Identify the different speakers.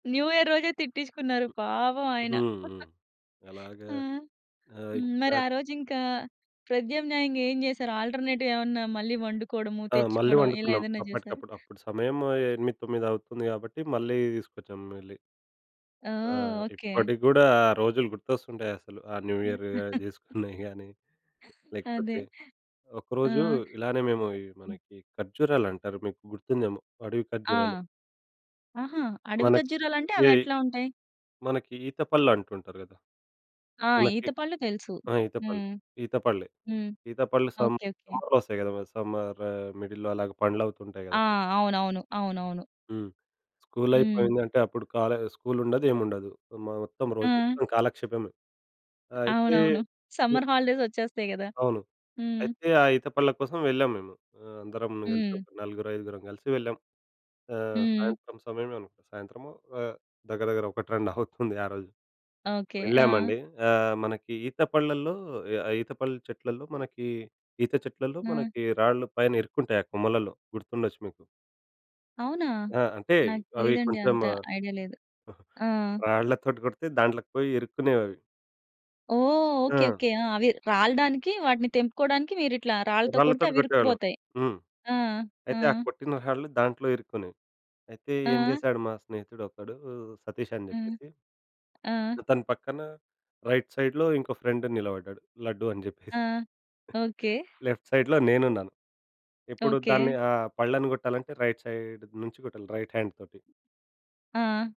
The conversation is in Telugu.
Speaker 1: న్యూ ఇయర్ రోజే తిట్టించుకున్నారు పాపం ఆయన.
Speaker 2: హుహు.
Speaker 1: ఆ!
Speaker 2: అలాగా.
Speaker 1: మరి ఆ
Speaker 2: ఆహ్ [unintelligible]
Speaker 1: రోజు ఇంకా ప్రత్యామ్నాయంగా ఏం జేశారు? ఆల్టర్‌నే‌టివ్ ఏమన్నా మళ్ళీ వండుకోవడము
Speaker 2: ఆ! మళ్ళీ
Speaker 1: తెచ్చుకోవడం ఇలా
Speaker 2: వండుకున్నాం
Speaker 1: ఏదైనా జేసారా?
Speaker 2: అప్పటికప్పుడు. అప్పుడు సమయం 8, 9 అవుతుంది గాబట్టి, మళ్ళీ తీసుకొచ్చాం వెళ్ళి.
Speaker 1: ఆ!
Speaker 2: ఆ!
Speaker 1: ఓకే.
Speaker 2: ఇప్పటికి కూడా ఆ రోజులు గుర్తొస్తుంటాయి. అసలు ఆ న్యూ ఇయర్ జేసుకున్నవి గానీ.
Speaker 1: అదే.
Speaker 2: లేకపోతే ఒకరోజు
Speaker 1: ఆ!
Speaker 2: ఇలానే మేము
Speaker 1: హ్మ్.
Speaker 2: మనకి ఖర్జూరాలు అంటారు. మీకు గుర్తుందేమో అడవి
Speaker 1: ఆ!
Speaker 2: ఖర్జూరాలు.
Speaker 1: ఆహా! అడవి
Speaker 2: మనకి
Speaker 1: ఖజురాలు అంటే అవి
Speaker 2: ఏయ్
Speaker 1: ఎట్లా ఉంటాయి?
Speaker 2: మనకి ఈతపళ్ళు అంటుంటారు గదా!
Speaker 1: ఆ!
Speaker 2: మనకి
Speaker 1: ఈత పళ్ళు తెలుసు.
Speaker 2: ఆ! ఈతపల్లె.
Speaker 1: హ్మ్.
Speaker 2: ఈతపళ్ళు
Speaker 1: హ్మ్.
Speaker 2: ఈతపళ్ళు సం
Speaker 1: ఓకే. ఓకే.
Speaker 2: సమ్మర్‌లో ఒస్తాయి కదా! సమ్మర్ మిడిల్‌లో అలాగే పండ్లు అవుతుంటాయి
Speaker 1: ఆ!
Speaker 2: గదా!
Speaker 1: అవునవును. అవునవును.
Speaker 2: హ్మ్. స్కూలు
Speaker 1: హ్మ్.
Speaker 2: అయిపోయింది అంటే, అప్పుడు కాలే స్కూలు ఉండదు ఏమి ఉండదు. మొత్తం రోజు
Speaker 1: ఆ!
Speaker 2: మొత్తం కాలక్షేపమే. అయితే
Speaker 1: అవునవును.
Speaker 2: ఎ
Speaker 1: సమ్మర్ హాలిడేస్ ఒచ్చేస్తాయి కదా!
Speaker 2: అవును.
Speaker 1: హ్మ్.
Speaker 2: అయితే ఆ ఈత పండ్ల కోసం వెళ్ళాము మేము. అందరం కలిసి
Speaker 1: హ్మ్.
Speaker 2: ఒక నలుగురు, ఐదుగురం గలిసి వెళ్ళాం. ఆహ్,
Speaker 1: హ్మ్.
Speaker 2: సాయంత్రం సమయమే, సాయంత్రం దగ్గర దగ్గర 1, 2 అవుతుంది ఆ రోజు.
Speaker 1: ఓకే. ఆ!
Speaker 2: వెళ్ళామండి. ఆహ్, మనకి ఈత పళ్ళలో ఆ ఈత పళ్ళ చెట్లలో మనకి ఈత చెట్లలో
Speaker 1: ఆ!
Speaker 2: మనకి రాళ్ళు పైన ఇరుక్కుంటాయి ఆ కొమ్మలలో. గుర్తుండొచ్చు మీకు.
Speaker 1: అవునా?
Speaker 2: ఆ! అంటే
Speaker 1: నాకు
Speaker 2: అవి
Speaker 1: తెలీదండి.
Speaker 2: కొంచెమ
Speaker 1: అంత ఐడియా లేదు. ఆ!
Speaker 2: రాళ్ళతోటి కొడితే దాంట్లోకి పోయి ఇరుకునేవి.
Speaker 1: ఓహ్! ఓకే.
Speaker 2: ఆ!
Speaker 1: ఓకే. ఆ! అవి రాలడానికి, వాటిని తెంపుకోడానికి మీరు ఇట్లా రాళ్ళతో కొడితే
Speaker 2: రాళ్ళతో
Speaker 1: అవి
Speaker 2: కొట్టేవాళ్ళం.
Speaker 1: ఇరుక్కుపోతాయి.
Speaker 2: హ్మ్.
Speaker 1: ఆ! ఆ!
Speaker 2: అయితే ఆ కొట్టిన రాళ్లు దాంట్లో ఇరుక్కుని. అయితే ఏం
Speaker 1: ఆ!
Speaker 2: చేసాడు మా స్నేహితుడు ఒకడు సతీష్ అని
Speaker 1: హ్మ్.
Speaker 2: జెప్పేసి
Speaker 1: ఆ!
Speaker 2: ఆతన పక్కన రైట్ సైడ్‌లో ఇంకో ఫ్రెండ్ నిలబడ్డాడు. లడ్డు అని
Speaker 1: ఆ!
Speaker 2: జెప్పేసి.
Speaker 1: ఓకే.
Speaker 2: లెఫ్ట్ సైడ్‌లో నేనున్నా. ఇప్పుడు
Speaker 1: ఓకే.
Speaker 2: దాన్ని, ఆ పళ్ళను కొట్టాలంటే రైట్ సైడ్ నుంచి కొట్టాలి రైట్ హాండ్ తోటి.
Speaker 1: ఆ!